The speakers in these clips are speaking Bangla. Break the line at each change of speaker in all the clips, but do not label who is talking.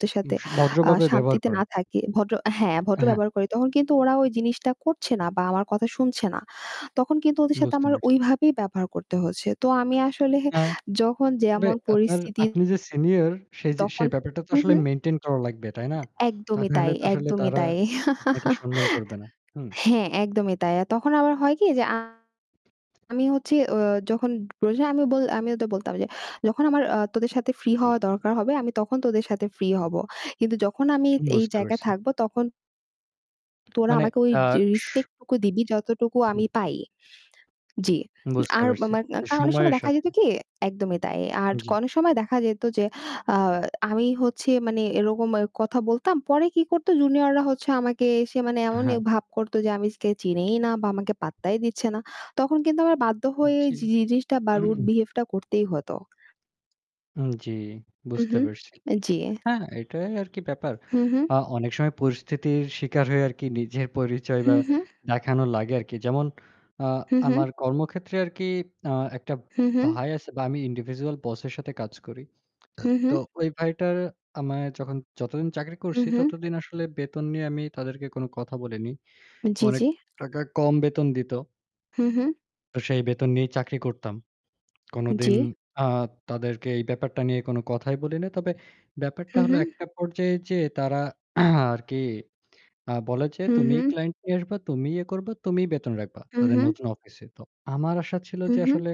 তো সাথে
উস
আ
ভদ্রভাবে ব্যবহার
শান্তিতে
করেন।
না থাকি। ভদ্র হ্যাঁ, ভদ্র
হ্যাঁ।
ব্যবহার করি তখন কিন্তু ওরা ওই জিনিসটা করছে না বা আমার কথা শুনছে না। তখন কিন্তু ওদের সাথে
বুঝতে
আমার
পারছি।
ওইভাবেই ব্যবহার করতে হচ্ছে। তো আমি আসলে
অ্যা
যখন
তবে
যেমন
আপনার
পরিস্থিতি
আপনি যে senior সেই যে
তখন
সেই ব্যাপারটা তো
হুম,
আসলে
হুম।
maintain করা লাগবে। তাই না? তা
একদমই
না
তাই,
হলে তো আসলে
একদমই
তারা
তাই
আপনাকে সম্মান করবে না। হুম।
হ্যাঁ, একদমই তাই আর তখন আবার হয় কি যে আ আমি হচ্ছে, ও যখন [unintelligible] আমি বল আমি ওদের বলতাম যে "যখন আমার, আ তোদের সাথে free হওয়া দরকার হবে আমি তখন তোদের সাথে free হবো। কিন্তু যখন আমি এই
বুঝতে
জায়গায়
পারছি।
থাকবো তখন" "তোরা
মানে,
আমাকে ওই
আ
যে
সু
respect টুকু দিবি যতটুকু
উহু।
আমি পাই।" জি।
বুঝতে
আর
পারছি,
আমার না কারণ অনেক সময়
সময়ের
দেখা
সাথে।
যেত কি, একদমই তাই। আর
জি।
অনেক সময় দেখা যেত যে, আহ আমি হচ্ছে মানে এরকম এ কথা বলতাম পরে কি করতো junior-রা হচ্ছে আমাকে এসে মানে এমনই
হ্যাঁ।
ভাব করতো যে আমি স্কেচ চিনেই না বা আমাকে পাত্তাই দিচ্ছে না। তখন কিন্তু আমার বাধ্য হয়েই
জি।
জি জিনিসটা বা rude behave টা করতেই হতো।
উম জি,
হুম,
বুঝতে
হুম।
পারছি।
অ্যা জি।
হ্যাঁ, এটাই আর কি ব্যাপার।
হুম, হুম।
আ অনেক সময় পরিস্থিতির শিকার হয়ে আর কি নিজে পরিচয় বা
হুম, হুম।
দেখানো লাগে আর কি। যেমন, আ
হুম, হুম।
আমার কর্মক্ষেত্রে আর কি, আ একটা
হুম, হুম।
ভাই আছে বা আমি individual boss এর সাথে কাজ করি।
হুম,
তো,
হুম।
ওই ভাইটার আমায় যখন যতদিন চাকরি
হুম,
করছি,
হুম।
ততদিন আসলে বেতন নিয়ে আমি তাদেরকে কোন কথা বলিনি।
জি,
অনেক
জি।
টাকা কম বেতন দিত
হুম, হুম।
তো সেই বেতন নিয়েই চাকরি করতাম। কোনদিন,
জি।
আ তাদেরকে এই ব্যাপারটা নিয়ে কোন কথাই বলিনি। তবে ব্যাপারটা
হুম,
হল
হুম।
একটা পর্যায়ে যেয়ে তারা আর কি, আ বলে যে
হুম,
"তুমিই
হুম।
client নিয়ে আসবা, তুমিই এ করবা, তুমিই বেতন রাখবা,"
হুম,
তাদের
হুম।
নতুন অফিসে। তো, আমার আশা ছিল
হুম,
যে
হুম।
আসলে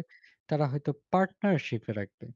তারা হয়তো partnership এ রাখবে।